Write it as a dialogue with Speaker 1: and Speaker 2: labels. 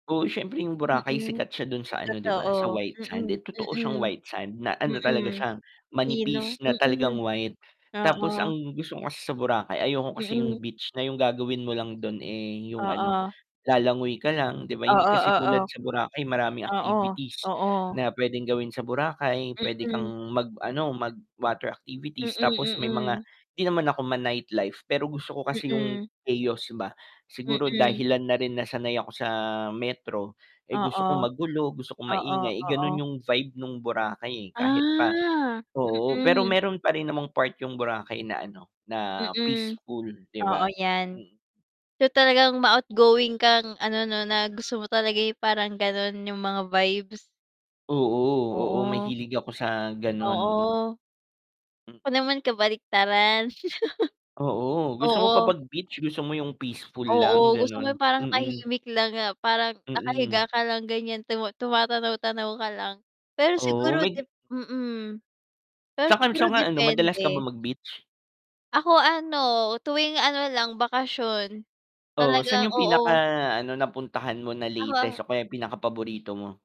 Speaker 1: Oo, siyempre yung Boracay
Speaker 2: Mm.
Speaker 1: sikat siya dun sa ano 'di ba, sa
Speaker 2: Totoo.
Speaker 1: white sand. Eh,
Speaker 2: Mm,
Speaker 1: totoo siyang
Speaker 2: mm.
Speaker 1: white sand na ano talaga
Speaker 2: Mm,
Speaker 1: siya,
Speaker 2: pino,
Speaker 1: manipis na
Speaker 2: mm.
Speaker 1: talagang white. Tapos ang
Speaker 2: Oo.
Speaker 1: gusto ko kasi sa Boracay ayoko kasi yung
Speaker 2: Mm.
Speaker 1: beach na yung gagawin mo lang dun, eh, yung ano,
Speaker 2: Oo.
Speaker 1: lalangoy ka lang 'di ba, hindi
Speaker 2: Oo,
Speaker 1: kasi
Speaker 2: oo.
Speaker 1: tulad sa Boracay maraming
Speaker 2: Oo,
Speaker 1: activities
Speaker 2: oo.
Speaker 1: na puwedeng gawin sa Boracay. Puwede
Speaker 2: Mm.
Speaker 1: kang mag ano, mag-water
Speaker 2: Mm,
Speaker 1: activities tapos may mga
Speaker 2: mm.
Speaker 1: 'di naman ako ma-nightlife, pero gusto ko kasi yung
Speaker 2: Mm.
Speaker 1: chaos ba. Siguro
Speaker 2: Mm.
Speaker 1: dahilan na rin na sanay ako sa Metro, eh, gusto
Speaker 2: Oo.
Speaker 1: ko magulo, gusto ko
Speaker 2: Oo,
Speaker 1: maingay, eh, ganun
Speaker 2: oo.
Speaker 1: yung vibe nung Boracay, eh. Kahit pa
Speaker 2: Ah,
Speaker 1: oo, pero
Speaker 2: mm.
Speaker 1: meron pa rin namang part yung Boracay na ano, na
Speaker 2: Mm,
Speaker 1: peaceful, 'di
Speaker 2: oo,
Speaker 1: ba?
Speaker 2: 'yan.
Speaker 1: Mm.
Speaker 2: So, talagang ma-outgoing kang ano 'no, na gusto mo talaga parang ganun yung mga vibes.
Speaker 1: Oo, oo,
Speaker 2: Oo.
Speaker 1: mahilig ako sa ganun.
Speaker 2: Oo.
Speaker 1: M
Speaker 2: Ako naman kabaliktaran.
Speaker 1: Oo, gusto mo ba
Speaker 2: Oo.
Speaker 1: 'pag beach, gusto mo yung peaceful
Speaker 2: Oo,
Speaker 1: lang,
Speaker 2: gusto ko yung
Speaker 1: ganun?
Speaker 2: parang
Speaker 1: Mm.
Speaker 2: tahimik lang nga, parang
Speaker 1: Mm.
Speaker 2: nakahiga ka lang ganyan tuma tumatanaw-tanaw ka lang. Pero
Speaker 1: Oo,
Speaker 2: siguro 'de
Speaker 1: may
Speaker 2: mm. Pero
Speaker 1: San ka
Speaker 2: siguro
Speaker 1: san ka ano, madalas ka
Speaker 2: depende.
Speaker 1: ba mag-beach?
Speaker 2: Ako ano, tuwing ano lang, bakasyon.
Speaker 1: Oo, saan
Speaker 2: Talagang
Speaker 1: yung pinaka
Speaker 2: oo.
Speaker 1: ano, napuntahan mo na
Speaker 2: Ako a
Speaker 1: latest o kaya pinakapaborito mo?